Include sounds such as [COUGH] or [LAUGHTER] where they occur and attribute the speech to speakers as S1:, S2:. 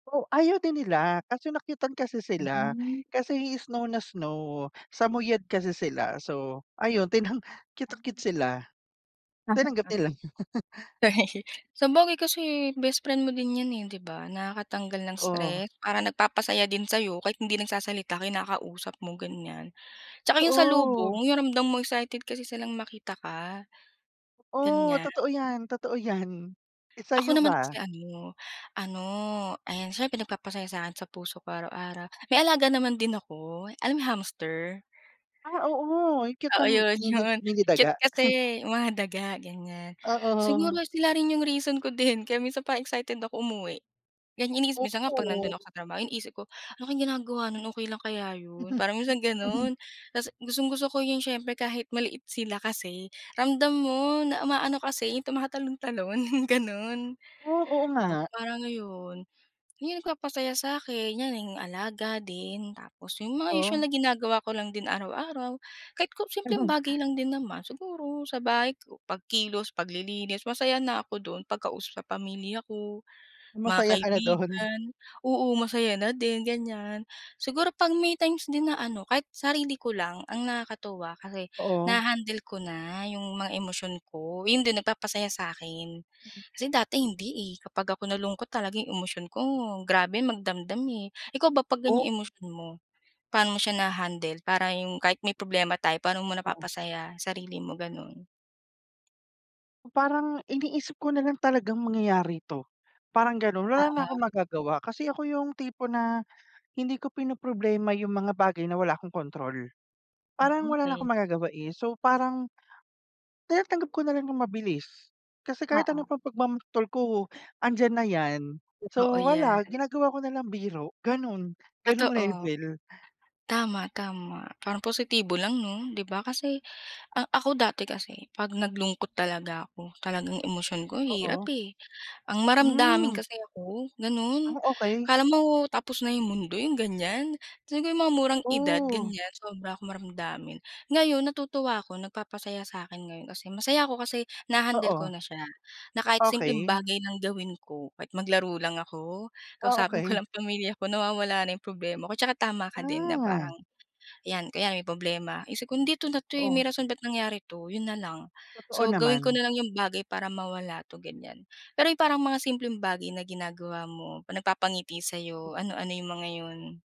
S1: O, ayaw din nila, kaso nakyutan kasi sila.
S2: Mm.
S1: Kasi snow na snow, samuyad kasi sila. So, ayun, tinang cute na cute
S2: Hmm.
S1: sila, tinanggap
S2: [LAUGHS]
S1: nila. [LAUGHS]
S2: [LAUGHS] Sabagay kasi bestfriend mo din yan eh, di ba, nakakatanggal ng
S1: Oo.
S2: stress. Parang nagpapasaya din sa 'yo kahit hindi nagsasalita, kinakausap mo, ganiyan. Tsaka yung
S1: Oo.
S2: salubong, yung ramdam mong excited kasi silang makita ka,
S1: Oh,
S2: ganiyan.
S1: totoo yan, totoo yan.
S2: Ako
S1: Sa'yo
S2: naman
S1: ba?
S2: kasi ano, ano, ayan, siyempre nagpapasayaya sa 'kin, sa puso ko araw-araw. May alaga naman din ako, alam mo yung hamster?
S1: Ah, oo, yung cute na
S2: Oo, yun,
S1: mini
S2: yun.
S1: mini
S2: Cute
S1: daga.
S2: kasi
S1: [LAUGHS]
S2: mga daga, ganiyan.
S1: Oo.
S2: Siguro sila rin yung reason ko din kaya minsan parang excited ako umuwi. Ganiyan inii Minsan nga 'pag nandun ako
S1: Okey.
S2: sa trabaho, yung isip ko, "Ano kaya ginagawa nun, okey lang kaya yun?" Parang minsan
S1: [LAUGHS]
S2: ganun. Tas gustong-gusto ko yung siyempre kahit maliit sila kasi, ramdam mo na umaano kasi, yung tumatalon-talon, yung ganun.
S1: Oh, oo
S2: So,
S1: nga.
S2: parang, ayon, yun ang nagpapasaya sa'kin, yan, yung alaga din. Tapos yung mga usual
S1: Oh.
S2: na ginagawa ko lang din araw-araw, kahit ko simpleng
S1: [LAUGHS]
S2: bagay lang din naman. Siguro, sa bahay ko, pagkilos, paglilinis, masaya na ako dun, pagkausap sa pamilya ko, mga
S1: Masaya ka na dun?
S2: kaibigan, oo, masaya na din, ganiyan. Siguro 'pag may times din na ano, kahit sarili ko lang, ang nakakatuwa kasi,
S1: Oo.
S2: naha-handle ko na yung mga emosyon ko, yun din nagpapasaya sa 'kin.
S1: Mm.
S2: Kasi dati hindi eh, kapag ako nalungkot talaga yung emosyon ko grabe magdamdam eh. Ikaw ba 'pag
S1: Oh
S2: ganiyang emosyon mo, paano mo siya naha-handle para yung kahit may problema tayo paano mo
S1: Oo.
S2: napapasaya sarili mo, ganun?
S1: Yung parang iniisip ko nalang talagang mangyayari ito, parang ganun. Wala na akong
S2: Oo.
S1: magagawa. Kasi ako yung tipo na hindi ko pinoproblema yung mga bagay na wala akong control.
S2: Hmm,
S1: Parang wala na
S2: okey.
S1: akong magagawa eh. So, parang tinatanggap ko nalang yung mabilis. Kasi kahit ano
S2: Oo.
S1: pang pagmamaktol ko, andiyan na yan.
S2: Totoo
S1: So, wala,
S2: yan.
S1: ginagawa ko nalang biro ganun, gano'ng
S2: Totoo.
S1: level.
S2: Tama, tama. Parang positibo lang 'no, di ba? Kasi ang ako, dati kasi 'pag naglungkot talaga ako, talagang emosyon ko, ang hirap
S1: Oo.
S2: eh, ang maramdamin
S1: Hmm.
S2: kasi ako, ganun.
S1: Ah, okey.
S2: Akala mo tapos na yung mundo, yung ganiyan. Siguro yung mga murang edad,
S1: Ooh.
S2: ganiyan, sobra akong maramdamin. Ngayon natutuwa ako, nagpapasaya sa 'kin ngayon kasi masaya ako kasi naha-handle ko
S1: Oo.
S2: na siya, na kahit simpleng
S1: Okey.
S2: bagay lang gawin ko, kahit maglaro lang ako,
S1: Ah,
S2: kausapin ko
S1: okey.
S2: lang pamilya ko, nawawala na yung problema ko. Tsaka tama ka din na
S1: Ah.
S2: parang yan, o kaya may problema iniisip ko nun, "Hindi ito na 'to eh, may
S1: Oo.
S2: rason ba't nangyari 'to." Yun nalang.
S1: Totoo
S2: So, gawin ko
S1: naman.
S2: nalang yung bagay para mawala 'to, ganiyan. Pero yung parang mga simpleng bagay na ginagawa mo, nagpapangiti sa
S1: Hmm.
S2: 'yo, ano-ano yung mga yun?